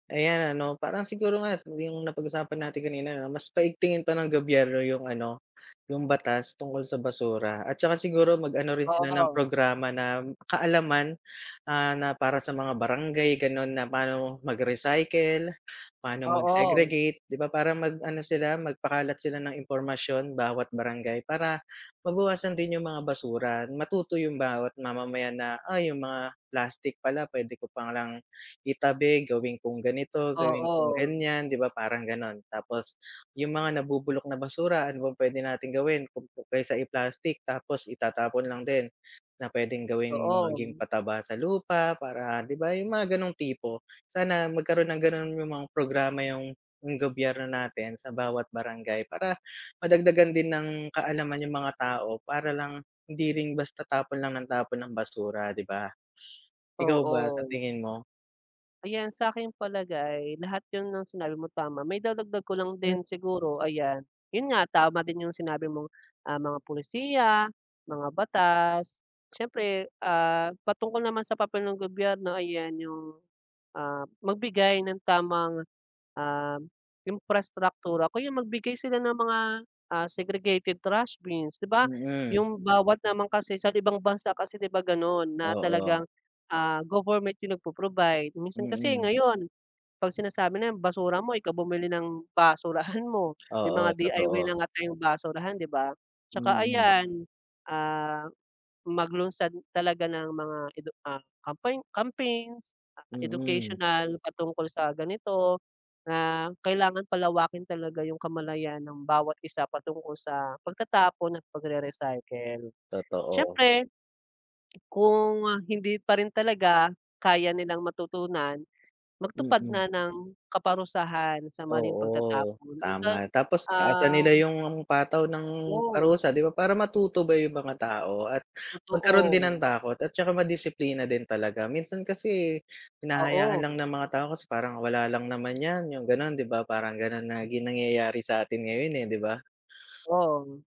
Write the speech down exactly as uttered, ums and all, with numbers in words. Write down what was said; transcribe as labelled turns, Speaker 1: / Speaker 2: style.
Speaker 1: Ayan ano parang siguro nga yung napag-usapan natin kanina 'no mas paigtingin pa ng gobyerno yung ano, yung batas tungkol sa basura at saka siguro mag-ano rin sila ng
Speaker 2: Oo.
Speaker 1: programa na m kaalaman, ah, na para sa mga barangay ganun na paano mag-recycle, paano
Speaker 2: Oo.
Speaker 1: mag-segregate 'di ba para mag-ano sila, mag-pakalat sila ng impormasyon bawat barangay, para mabawasan din yung mga basura matuto yung bawat mamamayan na "Ay, yung mga plastic pala pwede ko palang itabi gawin kung ganito, gawin kung
Speaker 2: Oo.
Speaker 1: ganiyan", 'di ba, parang ganun. Tapos yung mga nabubulok na basura ano bang pwede nating gawin [unintelligible] kaysa i-plastic tapos itatapon lang din, na pwedeng gawin maging
Speaker 2: Doon.
Speaker 1: pataba sa lupa para 'di ba yung mga ganung tipo, sana magkaroon ng ganun yung mga programa yung yung gobyerno natin sa bawat barangay para madagdagan din ng kaalaman yung mga tao para lang hindi rin basta tapon lang ng tapon ng basura 'di ba? Ikaw ba sa
Speaker 2: Oo.
Speaker 1: tingin mo?
Speaker 2: Ayan sa aking palagay lahat yun ng sinabi mo tama. Maidadagdag ko lang
Speaker 1: Hmm.
Speaker 2: din siguro ayan, yun nga tama din yung sinabi mong, ah, mga pulisiya, mga batas. Siyempre, ah, patungkol naman sa papel ng gobyerno ayan yung, ah, magbigay ng tamang, um, imprastraktura o kaya magbigay sila ng mga, ah, segregated trash bins 'di ba,
Speaker 1: Mm.
Speaker 2: yung bawat naman kasi sa ibang bansa kasi 'di ba ganun na
Speaker 1: Oo.
Speaker 2: talagang, ah, government yung nagpo-provide. Minsan kasi
Speaker 1: Mm.
Speaker 2: ngayon kapag sinasabi na basura mo ikaw bumili ng basurahan mo may mga
Speaker 1: Oo
Speaker 2: D-I-Y
Speaker 1: totoo.
Speaker 2: na nga tayong basurahan 'di ba at saka
Speaker 1: Mm.
Speaker 2: ayan, ah, maglunsad talaga ng mga edu ah, campaign, campaigns ah,
Speaker 1: Mm.
Speaker 2: educational patungkol sa ganito na kailangan palawakin talaga yung kamalayan ng bawat isa patungkol sa pagtatapon at pagre-recycle.
Speaker 1: Totoo.
Speaker 2: Siyempre Kung, ah, hindi pa rin talaga kaya nilang matutunan, magtupad
Speaker 1: Mm.
Speaker 2: na ng kaparusahan sa maling
Speaker 1: Oo,
Speaker 2: pagtatapon yun bang,
Speaker 1: tama. Tapos taasan nila
Speaker 2: um
Speaker 1: yung pataw ng
Speaker 2: Go.
Speaker 1: parusa 'di ba para matuto ba yung mga tao at magkaroon din
Speaker 2: Totoo.
Speaker 1: ng takot at saka madisiplina din talaga. Minsan kasi hinahayaan
Speaker 2: Oo.
Speaker 1: lang ng mga tao kasi parang wala lang naman yan, yung ganon 'di ba parang ganun lagi nangyayari sa atin ngayon, eh, 'di ba?
Speaker 2: Oh.